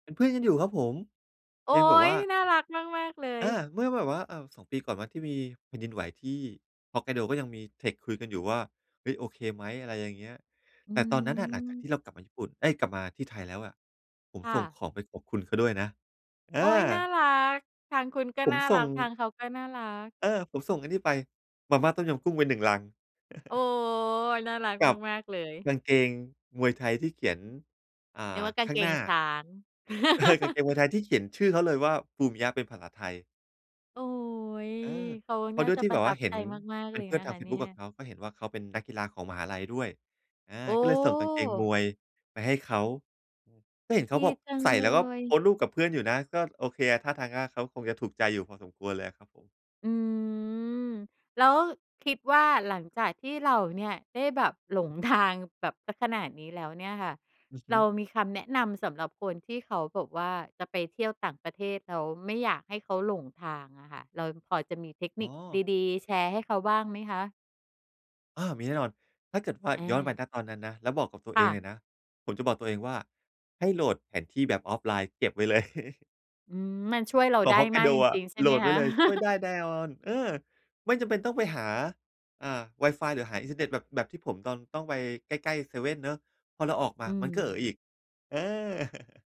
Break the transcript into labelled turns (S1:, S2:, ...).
S1: เป็นเพื่อนกันอยู่ครับผม
S2: โอ๊
S1: ยังแบบว
S2: ย
S1: ่า
S2: น่ารักมาก ๆ เล
S1: อ
S2: ย
S1: า เมื่อแบบว่า อ่า 2 ปีก่อนไหม ที่มีแผ่นดินไหวที่ฮอกไกโด ก็ยังมี text คุยกันอยู่ว่า เฮ้ย โอเคไหม? อะไรอย่างเงี้ย
S2: อ
S1: แ
S2: ื
S1: ต่ตอนนั้นอะหลังจากท
S2: ม
S1: ี่เรากลับมาญี่ปุ่น เอ๊ย กลับมาที่ไทยแล้วอะ ผม
S2: ค่
S1: ส่ง
S2: ะ
S1: ของไปขอบคุณเขาด้วยนะ อา
S2: โอ๊ย น่ารัก ทางคุณก็
S1: ผม
S2: น่า
S1: ส
S2: ร
S1: ่
S2: ั
S1: ง
S2: ก ทางเขาก็น่ารัก
S1: เออ ผมส่งอันนี้ไป มาม่าต้มยำกุ้งไป 1 ลัง
S2: โอ๊ย น่ารัก
S1: กับ
S2: มาก ๆ เลย
S1: กางเกงมวยไทยที่เขียน อ่
S2: นึก
S1: า
S2: ว่า กา
S1: ข
S2: ง
S1: ้
S2: เ
S1: า
S2: ก
S1: งหน
S2: ง
S1: ้า
S2: ช้าง
S1: เออ กางเกงเมืองไทยที่เขียนชื่อเขาเลยว่า ภูมิยะ เป็นภาษาไทย
S2: โอ๊ย
S1: เออ
S2: เขา
S1: เพร
S2: น
S1: า
S2: ่
S1: ะ
S2: า
S1: ด้วย
S2: จะ
S1: ที่
S2: ปร
S1: แบ
S2: ะ
S1: บ
S2: ท
S1: ว
S2: ั
S1: ่า
S2: บ
S1: เห
S2: ใ
S1: ็
S2: จ
S1: น
S2: มาก
S1: เ
S2: ๆ
S1: ป
S2: เ
S1: ็
S2: ล
S1: น
S2: ย
S1: เพื่อ
S2: น
S1: น
S2: ะ
S1: ทา
S2: ค
S1: ง
S2: ะ
S1: เฟ
S2: เ
S1: ซ
S2: นี
S1: บ
S2: ่
S1: ุ๊ก
S2: ย
S1: กับเขา ก็เห็นว่าเขาเป็นนักกีฬาของมหาลัยด้วย อา
S2: โอ
S1: ก็เลยส่งกางเกงม
S2: ้
S1: วยไปให้เขา ก็เห็นเข
S2: ด
S1: า
S2: ี
S1: แบบ
S2: จัง
S1: ใส่
S2: เล
S1: แล้วก็โพ
S2: ย
S1: สต์รูปกับเพื่อนอยู่นะ ก็โอเคอะ ท่าทาง ก็เขาคงจะถูกใจอยู่พอสมควรเลยอะครับผม
S2: อืม แล้วคิดว่า หลังจากที่เราเนี่ยได้แบบหลงทางแบบเสียขนาดนี้แล้วเนี่ยค่ะ
S1: อือฮ
S2: เร
S1: ึ
S2: ามีคำแนะนำสำหรับคนที่เขาแบบว่าจะไปเที่ยวต่างประเทศ แล้วไม่อยากให้เขาหลงทางอะค่ะ เราพอจะมีเทค
S1: อ
S2: น
S1: ๋
S2: ิค
S1: อ
S2: ดี ๆ แชร์ให้เขาบ้างไหมคะ?
S1: อา มีแน่นอน ถ้าเกิดว่า
S2: อ
S1: ย้อนไป
S2: า
S1: ณ ตอนนั้นนะ แล้วบอกกับตัว
S2: ค
S1: เอ
S2: ่
S1: ง
S2: ะ
S1: เลยนะ ผมจะบอกตัวเองว่า ให้โหลดแผนที่แบบออฟไลน์เก็บไว้เลย
S2: อืม มันช่วยเรา
S1: เก
S2: ไ
S1: า
S2: ด้
S1: ะฮอกไก
S2: มาก
S1: โด
S2: จ
S1: อะ
S2: ริง ๆ ใช่
S1: โห
S2: ไ
S1: ล
S2: หม
S1: ดไ
S2: ค
S1: ว้
S2: ะ?
S1: เลย ช่วยได้แน่นอน เออ ไม่จำเป็นต้องไปหา อ่า ไวฟาย หรือหาอินเทอร์เน็ตแบบ แบบที่ผมตอน ต้องไปใกล้ ๆ เซเว่นเนาะ พอเราออกม
S2: อ
S1: า
S2: ื
S1: มันก็เอ๋ออี
S2: ม
S1: ก เออ